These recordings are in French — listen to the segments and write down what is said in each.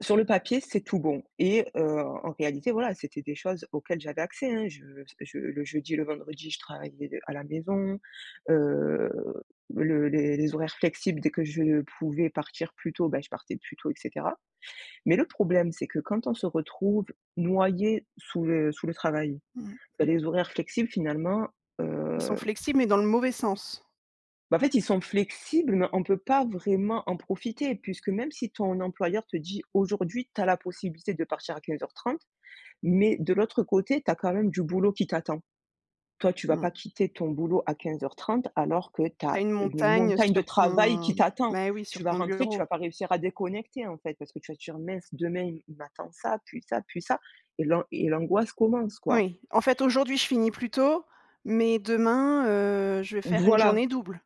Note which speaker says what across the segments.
Speaker 1: Sur le papier, c'est tout bon et heu, en réalité voilà, c'était des choses auxquelles j'avais accès hein je parce que je le jeudi et le vendredi je travaillais à la maison. Heu, le les les horaires flexibles dès que je pouvais partir plus tôt, bah je partais plus tôt et cetera, mais le problème c'est que quand on se retrouve noyé sous le sous le travail,
Speaker 2: Mmh
Speaker 1: heu,
Speaker 2: mh.
Speaker 1: les horaires flexibles finalement,
Speaker 2: Ils sont
Speaker 1: heu
Speaker 2: flexibles, mais dans le mauvais sens.
Speaker 1: Bah en fait ils sont flexibles mais on peut pas vraiment en profiter puisque même si ton employeur te dit: «Aujourd'hui tu as la possibilité de partir à 15:30,», mais de l'autre côté tu as quand même du boulot qui t'attend. Toi tu vas
Speaker 2: Mmh.
Speaker 1: pas quitter ton boulot à 15:30 alors que tu
Speaker 2: Tu as
Speaker 1: as
Speaker 2: une
Speaker 1: une
Speaker 2: montagne
Speaker 1: montagne de
Speaker 2: sur
Speaker 1: travail
Speaker 2: ton
Speaker 1: qui t'attend.
Speaker 2: mais oui
Speaker 1: Tu
Speaker 2: sur
Speaker 1: vas
Speaker 2: ton
Speaker 1: rentrer, tu
Speaker 2: bureau.
Speaker 1: vas pas réussir à déconnecter en fait parce que tu vas te dire: «Mince demain il m'attend ça, puis ça, puis ça», et l'an et l'angoisse commence, quoi.
Speaker 2: Oui. En fait aujourd'hui je finis plus tôt, mais demain, heu, je vais faire une
Speaker 1: Voilà
Speaker 2: journée double.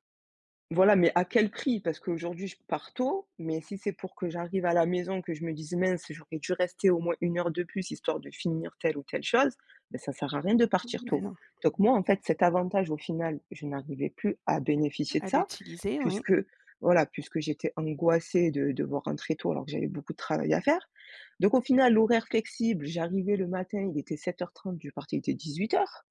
Speaker 1: Voilà, mais à quel prix? Parce qu'aujourd'hui je pars tôt, mais si c'est pour que j'arrive à la maison que je me dise: «Mince j'aurais dû rester au moins 1 heure de plus histoire de finir telle ou telle chose». Bah ça sert à rien de partir
Speaker 2: Beh
Speaker 1: tôt,
Speaker 2: non.
Speaker 1: donc moi en fait cet avantage au final, je n'arrivais plus à bénéficier de
Speaker 2: À
Speaker 1: ça
Speaker 2: l'utiliser oui.
Speaker 1: puisque voilà, puisque j'étais angoissée de devoir rentrer tôt alors que j'avais beaucoup de travail à faire, donc au final l'horaire flexible, j'arrivais le matin il était 07:30, je partais il était 18:00.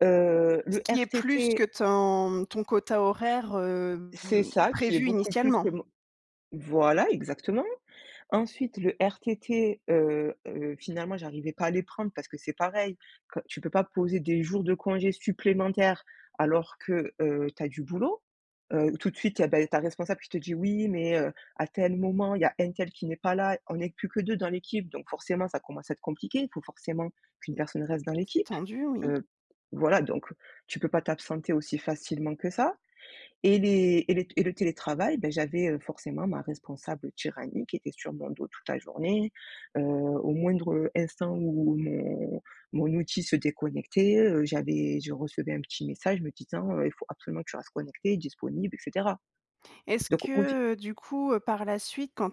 Speaker 1: Heu,
Speaker 2: Ce
Speaker 1: le
Speaker 2: qui est plus que
Speaker 1: RTT
Speaker 2: ton ton quota horaire,
Speaker 1: C'est
Speaker 2: hem,
Speaker 1: ça qui est
Speaker 2: prévu
Speaker 1: beaucoup plus que
Speaker 2: initialement?
Speaker 1: mon voilà exactement. Ensuite le RTT, heu heu, finalement j'arrivais pas à les prendre parce que c'est pareil que, tu peux pas poser des jours de congés supplémentaires alors que, heu, tu as du boulot. Heu, tout de suite et beh, ta responsable qui te dit: «Oui mais heu, à tel moment il y a un tel qui n'est pas là, on est plus que 2 dans l'équipe donc forcément ça commence à être compliqué, il faut forcément qu'une
Speaker 2: Mmh.
Speaker 1: personne reste dans
Speaker 2: C'est
Speaker 1: l'équipe».
Speaker 2: tendu, oui.
Speaker 1: Heu, voilà, donc tu peux pas t'absenter aussi facilement que ça et les et les et le télétravail, bah j'avais, heu, forcément ma responsable tyrannique qui était sur mon dos toute la journée, heu, au moindre instant où mon mon outil se déconnectait, heu, j'avais, je recevais un petit message me disant, heu: «Il faut absolument que tu restes connectée, disponible et cetera»,
Speaker 2: Est-ce
Speaker 1: donc au fi
Speaker 2: que du coup par la suite quand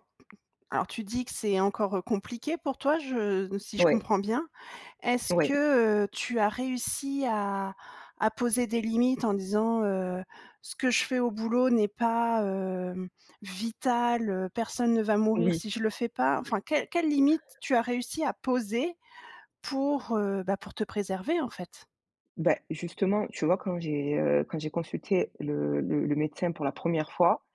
Speaker 2: alors tu dis que c'est encore compliqué pour toi je si je
Speaker 1: Ouais.
Speaker 2: comprends bien, est-ce
Speaker 1: Ouais.
Speaker 2: que, heu, tu as réussi à à poser des limites? En disant, heu: «Ce que je fais au boulot n'est pas, heu, vital, heu, personne ne va mourir
Speaker 1: Oui.
Speaker 2: si je le fais pas». Enfin quelles quelles limites tu as réussi à poser pour, heu, bah pour te préserver, en fait?
Speaker 1: Bah justement tu vois quand j'ai, heu, quand j'ai consulté le le médecin pour la première fois,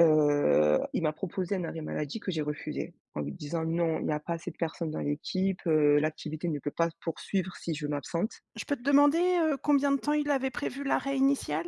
Speaker 1: heu, il m'a proposé un arrêt maladie que j'ai refusé en lui disant: «Non il y a pas assez de personnes dans l'équipe, heu, l'activité ne peut pas se poursuivre si je m'absente».
Speaker 2: Je peux te demander, heu, combien de temps il avait prévu l'arrêt initial?